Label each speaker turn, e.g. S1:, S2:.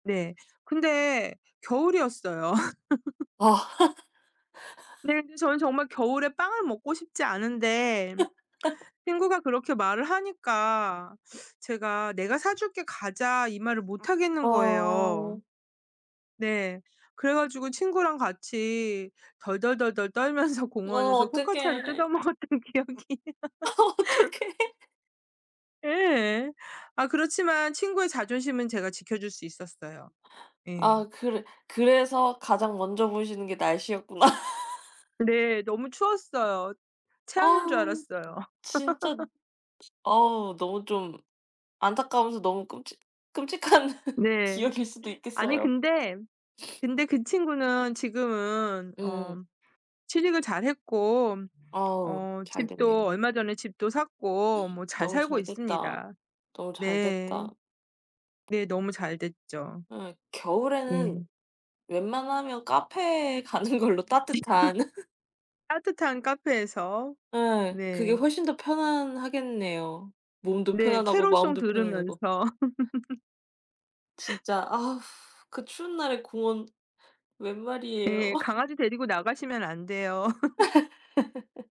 S1: 네. 근데 겨울이었어요.
S2: 아.
S1: 네. 그래서 저는 정말 겨울에 빵을 먹고 싶지 않은데 친구가 그렇게 말을 하니까 제가 "내가 사 줄게 가자." 이 말을 못 하겠는 거예요.
S2: 아.
S1: 네. 그래 가지고 친구랑 같이 덜덜덜덜 떨면서
S2: 어
S1: 공원에서 포카치아를
S2: 어떡해.
S1: 뜯어먹었던 기억이.
S2: 아 어떡해.
S1: 예. 아 그렇지만 친구의 자존심은 제가 지켜 줄 수 있었어요. 예.
S2: 아 그래 그래서 가장 먼저 보시는 게 날씨였구나.
S1: 네. 너무 추웠어요.
S2: 아
S1: 체하는 줄 알았어요.
S2: 진짜 어 너무 좀 안타까워서 너무 끔찍 끔찍한
S1: 네.
S2: 기억일 수도
S1: 아니
S2: 있겠어요.
S1: 근데 근데 그 친구는 지금은 어
S2: 음.
S1: 취직을 잘 했고
S2: 어우
S1: 어
S2: 잘 됐네요.
S1: 집도 얼마 전에 집도 샀고 뭐 잘
S2: 너무
S1: 살고
S2: 잘 됐다.
S1: 있습니다.
S2: 너무 잘
S1: 네.
S2: 됐다.
S1: 네 너무 잘 됐죠.
S2: 예 겨울에는
S1: 예.
S2: 웬만하면 카페에 가는 걸로 따뜻한.
S1: 따뜻한 카페에서.
S2: 예. 그게
S1: 네.
S2: 훨씬 더 편안하겠네요. 몸도
S1: 네.
S2: 편안하고
S1: 캐롤 송
S2: 마음도 편안하고.
S1: 들으면서.
S2: 진짜 아 그 추운 날에 공원 웬 말이에요?
S1: 예. 강아지 데리고 나가시면 안 돼요.